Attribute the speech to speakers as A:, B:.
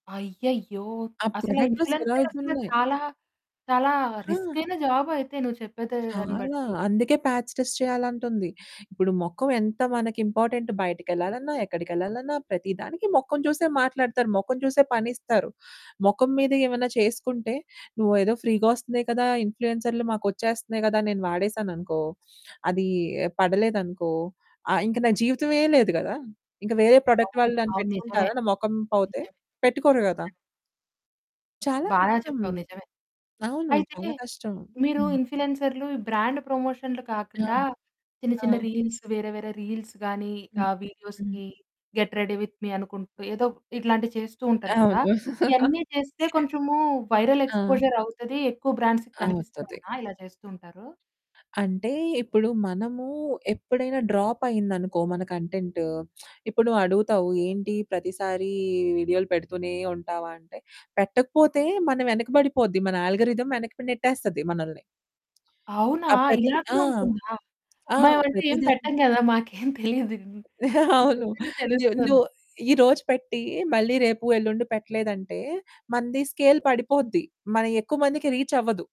A: అయ్యయ్యో!
B: ఆ
A: అసలు
B: ప్రొడక్టులు సేల్
A: ఇన్‌ఫ్లుయెన్సర్ అసల
B: అవుతున్నాయి.
A: చాలా చాలా
B: ఆ!
A: రిస్కైన జాబైతే నువ్వు చెప్పేతే దాని
B: చాలా,
A: బట్టి!
B: అందుకే పాచ్ టెస్ట్ చేయాలంటుంది. ఇప్పుడు మొఖం ఎంత మనకు ఇంపార్టెంటు బయటికెళ్ళాలన్నా, ఎక్కడికెళ్ళాలన్నా, ప్రతి దానికి మొఖం చూసే మాట్లాడుతారు, మొఖం చూసే పనిస్తారు. మొఖం మీద ఏమైనా చేసుకుంటే నువ్వేదో ఫ్రీగా వస్తున్నాయి కదా! ఇన్‌ఫ్లుయెన్సర్లు మాకొచ్చేస్తున్నాయి కదా! నేను వాడేసాననుకో, అది పడలేదనుకో, ఆహ్, ఇంక నా జీవితమే లేదు గదా! ఇంక వేరే ప్రొడక్ట్
A: అవును.
B: వాళ్ళు నన్ను
A: అవును నిజమే.
B: పెట్టుకుంటారా నా మొఖం పోతే?
A: నిజమే,
B: పెట్టుకోరు కదా?
A: నిజమే.
B: చాలా
A: బాగా
B: కష్టం,
A: చెప్పావు నిజమే.
B: అవును.
A: అయితే
B: చాలా కష్టం.
A: మీరు
B: హ్మ్.
A: ఇన్‌ఫ్లుయెన్సర్లు ఈ బ్రాండ్ ప్రమోషన్లు
B: ఆ!
A: కాకుండా చిన్న
B: ఆ!
A: చిన్న రీల్స్ వేరే వేరే రీల్సు గాని
B: హ్మ్,
A: ఆహ్,
B: హ్మ్.
A: వీడియోస్‌కి గెట్ రెడీ విత్ మీ అనుకుంటూ ఏదో ఇట్లాంటివి చేస్తూ ఉంటారు
B: అవును.
A: కదా! ఇయన్నీ చేస్తే కొంచెము వైరల్
B: ఆ!
A: ఎక్స్‌పోజర్ అవుతది. ఎక్కువ బ్రాండ్స్‌కి
B: అవుతది.
A: కనిపిస్తయనా ఇలా చేస్తూ ఉంటారు?
B: అంటే ఇప్పుడు మనము ఎప్పుడైనా డ్రాప్ అయిందనుకో మన కంటెంటు ఇప్పుడు నువ్వడుగుతావు ఏంటి ప్రతిసారి వీడియోలు పెడుతూనే ఉంటావా? అంటే పెట్టకపోతే మన వెనక పడిపోద్ది మన ఆల్గోరిథమ్ వెనక్కి నెట్టేస్తది మనల్ని.
A: అవునా?
B: ఆహ్, ప్రతి
A: ఇలా
B: ఆ!
A: కూడా ఉంటుందా?
B: ఆ!
A: మ ఎవరంటే
B: ప్రతి
A: ఏం పెట్టం
B: దానికి.
A: గదా! మాకేం తెలీదు. నువ్వు
B: అవును.
A: చెప్తుంటే
B: ను ను
A: తెలుస్తోంది.
B: ఈ రోజు పెట్టి మళ్ళీ రేపు, ఎల్లుండి పెట్టలేదంటే మనది స్కేల్ పడిపోద్ది. మనయెక్కువ మందికి రీచ్ అవ్వదు.